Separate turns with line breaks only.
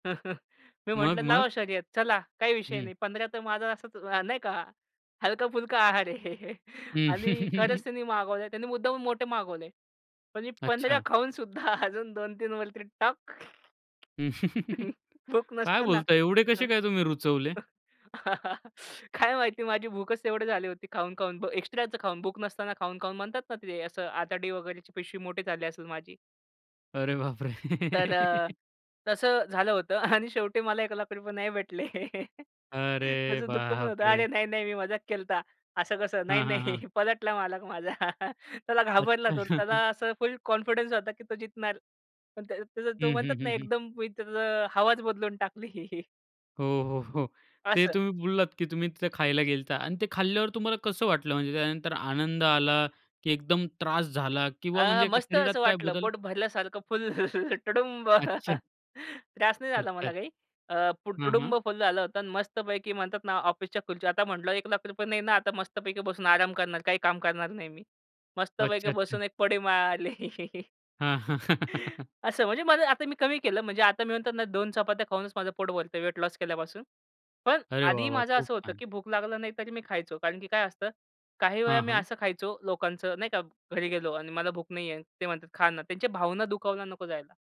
मी
मग
म्हटलं,
मग.
"लावा शर्यत. चला. काही विषय
हं.
नाही. 15 तर माझा असाच अ, नाही का हलका-फुलका आहार आहे."
हं.
आणि खरंच त्यांनी मागवले. त्यांनी मुद्दामून मोठे मागवले. पण मी 15
अच्छा.
खाऊन सुद्धा अजून 2-3 वरती टाक. भूक
काय
नसताना.
बोलताय एवढे कसे
हं.
काय तुम्ही रुचवले?
काय माहिती माझी भूकच तेवढी झाली होती खाऊन-खाऊन एक्स्ट्राचं खाऊन भूक नसताना खाऊन खाऊन म्हणतात ना ते असं आतडी वगैरेची पिशवी मोठे झाली असेल माझी.
अरे बाप रे!
तर अ, तसं झालं होतं आणि शेवटी मला 1 लाख रुपये नाही भेटले.
अरे
त्याचं दुःख पण
बाप
होतं अरे
रे.
नाही नाही मी मजाक केलता. असं कसं नाही
हां, हां,
नाही
हां.
पलटला मालक माझा. त्याला
अच्छा.
घाबरला तो त्याला असं फुल कॉन्फिडन्स होता की तो जितणार. पण त्या त्याच तो
हं, हं,
म्हणतात ना
हं, हं.
एकदम मी त्याचं हवाच बदलून टाकली.
हो, हो, हो. ते
असं.
तुम्ही बोललात की तुम्ही तिथं खायला गेलेता आणि ते खाल्ल्यावर तुम्हाला कसं वाटलं? म्हणजे त्यानंतर आनंद आला की एकदम त्रास झाला किंवा
अ,
म्हणजे
मस्त
शरीरात
असं
काय
वाटलं
बदल?
पोट भरल्यासारखं फुल तुडुंब.
अच्छा.
त्रास नाही झाला मला
अच्छा.
काही. अ, पोट
हां,
तुडुंब
हां.
फुल झालं होतं आणि मस्त पैकी म्हणतात ना ऑफिसच्या खुर्ची आता म्हटलं 1 लाख रुपये पण नाही ना आता मस्त पैकी बसून आराम करणार काही काम करणार नाही मी. मस्त पैकी
अच्छा
बसून
अच्छा.
एक पडी मारली.
हां. हां.
असं म्हणजे मला आता मी कमी केलं म्हणजे आता मी म्हणतो ना 2 चपात्या खाऊनच माझं पोट भरत वेट लॉस केल्यापासून. पण
अरे वाह!
आधी
वाह!
माझं
खूप
असं होतं
छान.
की भूक लागला नाही तरी मी खायचो. कारण की काय असतं, काही वेळा
हां,
मी
हां.
असं खायचो लोकांचं नाही का घरी गेलो आणि मला भूक नाहीये. ते म्हणतात, "खा ना" त्यांच्या भावना दुखावला नको जायला.